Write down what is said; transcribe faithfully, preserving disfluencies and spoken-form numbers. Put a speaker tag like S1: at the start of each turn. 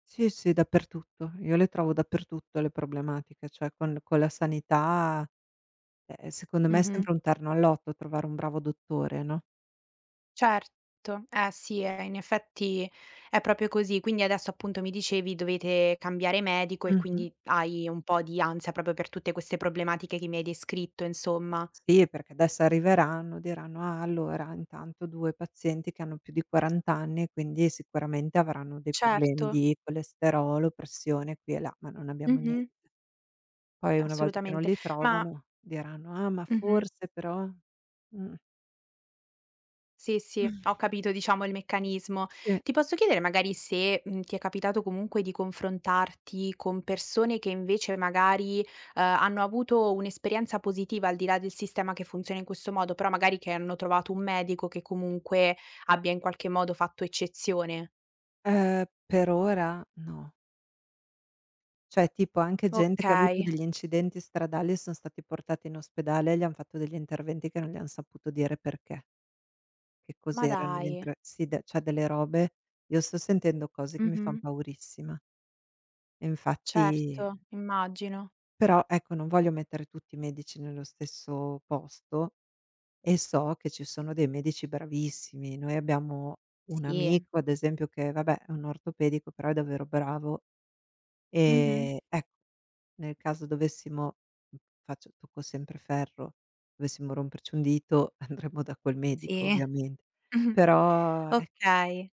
S1: Sì, sì, dappertutto. Io le trovo dappertutto le problematiche, ceh, con con la sanità, eh, e secondo me è
S2: Mh-mh.
S1: sempre un terno al lotto trovare un bravo dottore, no?
S2: Certo, eh, sì, eh, in effetti è proprio così. Quindi adesso appunto mi dicevi dovete cambiare medico e
S1: Mh-mh.
S2: quindi hai un po' di ansia proprio per tutte queste problematiche che mi hai descritto insomma.
S1: Sì, perché adesso arriveranno, diranno: "Ah allora intanto due pazienti che hanno più di quaranta anni, quindi sicuramente avranno dei problemi
S2: Certo.
S1: di colesterolo, pressione qui e là," ma non abbiamo niente.
S2: Mh-mh.
S1: Poi una volta che non
S2: Assolutamente,
S1: li
S2: ma
S1: trovano diranno: "Ah, ma
S2: Mh-mh.
S1: forse, però" mh.
S2: Sì sì, ho capito diciamo il meccanismo.
S1: Sì.
S2: Ti posso chiedere magari se, mhmm, ti è capitato comunque di confrontarti con persone che invece magari, ehm, hanno avuto un'esperienza positiva al di là del sistema che funziona in questo modo, però magari che hanno trovato un medico che comunque abbia in qualche modo fatto eccezione?
S1: Eh, per ora? No. ceh, tipo anche gente che avuto
S2: Okay.
S1: degli incidenti stradali e son stati portati in ospedale e gli han fatto degli interventi che non gli han saputo dire perché Che
S2: Ma
S1: cos'erano gli
S2: dai.
S1: entr sì, de ceh, delle robe, io sto sentendo cose che mi fan
S2: Mh-mh.
S1: paurissima. E infatti
S2: Certo, immagino.
S1: Però, ecco, non voglio mettere tutti i medici nello stesso posto e so che ci sono dei medici bravissimi. Noi abbiamo un
S2: Sì.
S1: amico ad esempio, che vabbè, è un ortopedico però è davvero bravo,
S2: Mh-mh.
S1: ehm, ecco, nel caso dovessimo mh, faccio tocco sempre ferro, dovessimo romperci un dito, andremo da quel medico
S2: Sì.
S1: ovviamente,
S2: Mh-mh.
S1: però eh
S2: Okay.